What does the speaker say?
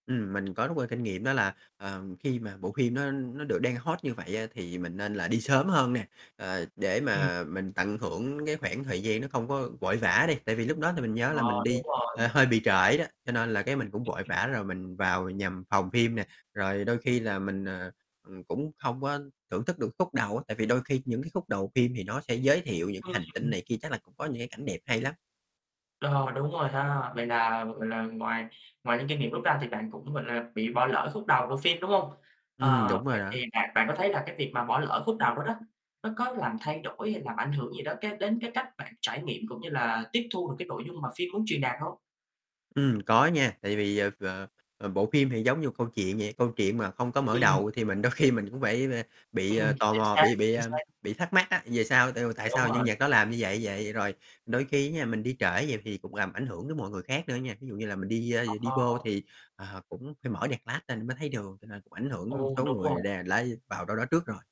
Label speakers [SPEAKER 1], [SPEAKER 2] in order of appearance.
[SPEAKER 1] Ừm, mình có rút ra kinh nghiệm đó là, ờ, khi mà bộ phim nó nó được đang hot như vậy á thì mình nên là đi sớm hơn nè, ờ, để
[SPEAKER 2] Ừm.
[SPEAKER 1] mà mình tận hưởng cái khoảng thời gian nó không có vội vã đi. Tại vì lúc đó thì mình nhớ là
[SPEAKER 2] Ờ,
[SPEAKER 1] mình
[SPEAKER 2] đúng
[SPEAKER 1] đi, ờ,
[SPEAKER 2] rồi.
[SPEAKER 1] hơi bị trễ đó, cho nên là cái mình cũng vội
[SPEAKER 2] [unintelligible]
[SPEAKER 1] vã rồi mình vào nhằm phòng phim nè. Rồi đôi khi là mình, ờ, ừm, cũng không có thưởng thức được khúc đầu á, tại vì đôi khi những cái khúc đầu phim thì nó sẽ giới thiệu những cái hành tinh
[SPEAKER 2] Ừm.
[SPEAKER 1] này kia chắc là cũng có những cái cảnh đẹp hay lắm.
[SPEAKER 2] Đờ, đúng rồi ha. Vậy là, gọi là, ngoài ngoài những kinh nghiệm rút ra thì bạn cũng, gọi là, bị bỏ lỡ khúc đầu bộ phim, đúng hông?
[SPEAKER 1] Ừm,
[SPEAKER 2] Ờ,
[SPEAKER 1] đúng rồi
[SPEAKER 2] vậy
[SPEAKER 1] đó.
[SPEAKER 2] thì bạn bạn có thấy là cái việc mà bỏ lỡ khúc đầu đó đó, nó có làm thay đổi, hay làm ảnh hưởng gì đó cái đến cái cách bạn trải nghiệm cũng như là tiếp thu được cái nội dung mà phim muốn truyền đạt hông?
[SPEAKER 1] Ừm, có nha, tại vì, ờ, ờ, ờ, bộ phim thì giống như một câu chuyện vậy, câu chuyện mà không có mở
[SPEAKER 2] Ừm.
[SPEAKER 1] đầu thì mình đôi khi mình cũng phải và bị, ờ, tò
[SPEAKER 2] Chính
[SPEAKER 1] mò,
[SPEAKER 2] xác,
[SPEAKER 1] bị bị,
[SPEAKER 2] chính
[SPEAKER 1] ưm,
[SPEAKER 2] xác.
[SPEAKER 1] bị thắc mắc á, về sau tại vì tại
[SPEAKER 2] Đúng
[SPEAKER 1] sao nhân
[SPEAKER 2] rồi.
[SPEAKER 1] vật đó làm như vậy vậy, vậy rồi. Đôi khi á nha, mình đi trễ vậy thì cùng làm ảnh hưởng đến mọi người khác nữa nha, thí dụ như là mình đi, a, đi
[SPEAKER 2] Ờ.
[SPEAKER 1] vô thì, ờ, cũng phải mở đèn flash lên mới thấy đường, cho nên cũng ảnh hưởng
[SPEAKER 2] Ồ,
[SPEAKER 1] số
[SPEAKER 2] đúng rồi.
[SPEAKER 1] người đe, à, lái vào đâu đó trước rồi.